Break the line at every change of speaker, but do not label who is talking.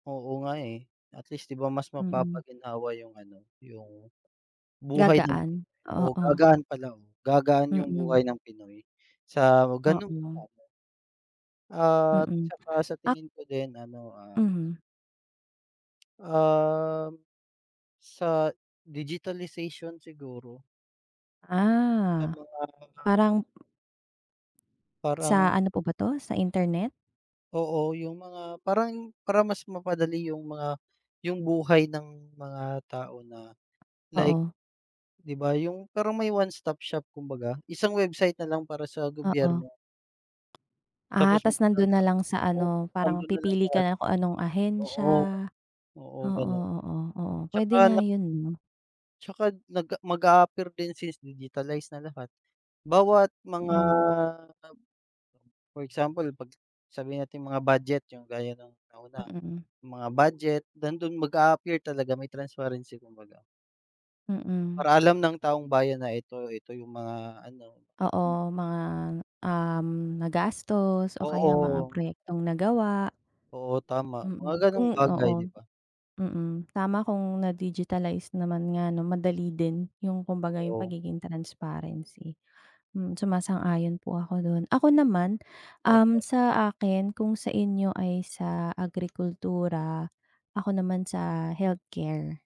Oo nga, eh, at least, di ba mas
Mm.
mapapaginhawa yung ano, yung, buhay ng
Gagaan,
Pinoy
oo.
gagaan pala, oo gagaan yung
Mm.
buhay ng Pinoy sa ganun.
Oo.
At
Mm,
tsaka sa
ak
tingin ko din ano, ah
Mhm.
Ah, sa digitalization siguro. Sa
Ah,
mga
parang Sa
Parang
ano po ba to, sa internet?
Oo, yung mga parang para mas mapadali yung mga yung buhay ng mga tao na, like.
Oo.
Di ba yung parang may one stop shop kumbaga, isang website nalang para sa
Oo.
gobyerno.
Ah,
Tapos
tas nandun na
magta-transact,
lang sa
oo
ano, parang
andun na
pipili ka
lahat.
nalang kung anong
Oo.
ahensya,
Oo,
oo
ganun
oo, oo pwede
tsaka
nga
na
yun no?
Tsaka nag mag-aapear din since digitalize na lahat, bawat mga
Mm.
for example 'pag sabihin nating mga budget yung gaya ng nauna,
Mm.
mga budget nandun mag-appear talaga may transparency kumbaga.
Mm.
Para alam ng taong bayan na ito ito yung mga ano, mga ganun.
Oo mga, um, nagastos o kaya mga
Oo.
proyektong nagawa.
Oo tama, mga
Mm
ganong
kung
bagay, di
oo
ba?
mm tama kong na-digitalize naman nga 'no madali din yung kumbaga yung
Oo.
pagiging transparency, hmm suma-sang-ayon po ako dun. Ako naman, um,
Opo.
sa akin kung sa inyo ay sa agrikultura, ako naman sa healthcare.